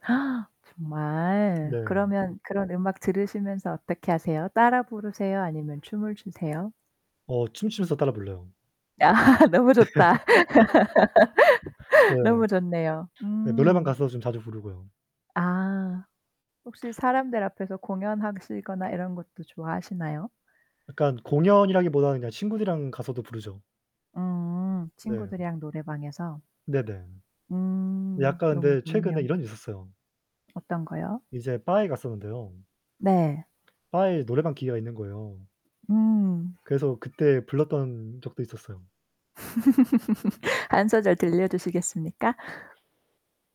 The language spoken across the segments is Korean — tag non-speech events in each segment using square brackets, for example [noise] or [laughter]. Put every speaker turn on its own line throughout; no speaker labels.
[gasps] 정말?
네.
그러면 그런 음악 들으시면서 어떻게 하세요? 따라 부르세요? 아니면 춤을 추세요?
어 춤추면서 따라 불러요.
아 너무
네. [laughs]
좋다.
네.
[laughs] 너무 좋네요.
네 노래방
음.
가서 좀 자주 부르고요.
아 혹시 사람들 앞에서 공연하시거나 이런 것도 좋아하시나요?
약간 공연이라기보다는 그냥 친구들이랑 가서도 부르죠.
음.
네.
친구들이랑 노래방에서?
네네.
음
약간
너무
근데 최근에
좋네요.
이런 일이 있었어요.
어떤 거요?
이제 바에 갔었는데요.
네.
바에 노래방 기계가 있는 거예요.
음.
그래서 그때 불렀던 적도 있었어요.
[laughs] 1 소절 들려 주시겠습니까?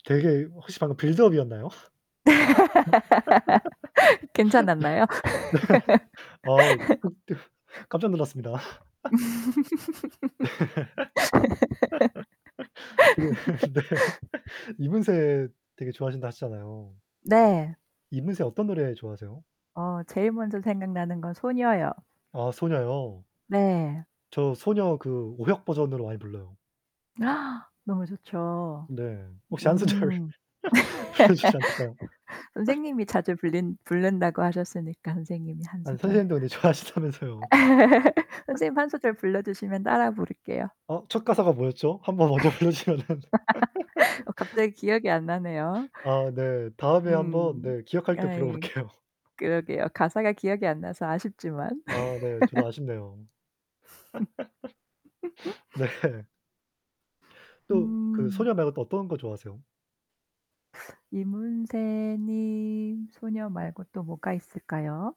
되게 혹시 방금 빌드업이었나요? [laughs] 네.
[laughs] 괜찮았나요?
[laughs] 아 극 대
[laughs]
깜짝 놀랐습니다.
음.
[laughs] 네. [laughs] 그 네.
[laughs]
[laughs] 이문세 되게 좋아하신다 하셨잖아요.
네.
이문세 어떤 노래 좋아하세요?
네.어 제일 먼저 생각나는 건 소녀요.
아 소녀요.
네.
저 소녀 그 오혁 버전으로 많이 불러요.
[gasps] 너무 좋죠.
네. 혹시 1 소절
음.
불러 주시면 안 될까요?
[laughs]
[laughs]
선생님이 자주 부른 부른다고 하셨으니까 선생님이 1
아니
소절.
선생님도 근데
[laughs]
좋아하신다면서요.
아.
[laughs]
선생님 1 소절 불러 주시면 따라 부를게요.
어 첫 가사가 뭐였죠? 한번 먼저 불러 주시면은
[laughs] 어
[laughs]
갑자기 기억이 안 나네요.
아 네. 다음에 한번
음,
네 기억할 때 불러
예.
볼게요.
그러게요. 가사가 기억이 안 나서 아쉽지만.
아 네 저도
[laughs]
아쉽네요. [laughs]
[laughs]
네. 또 그
음.
소녀 말고 또 어떤 거 좋아하세요?
이문세 님 소녀 말고 또 뭐가 있을까요?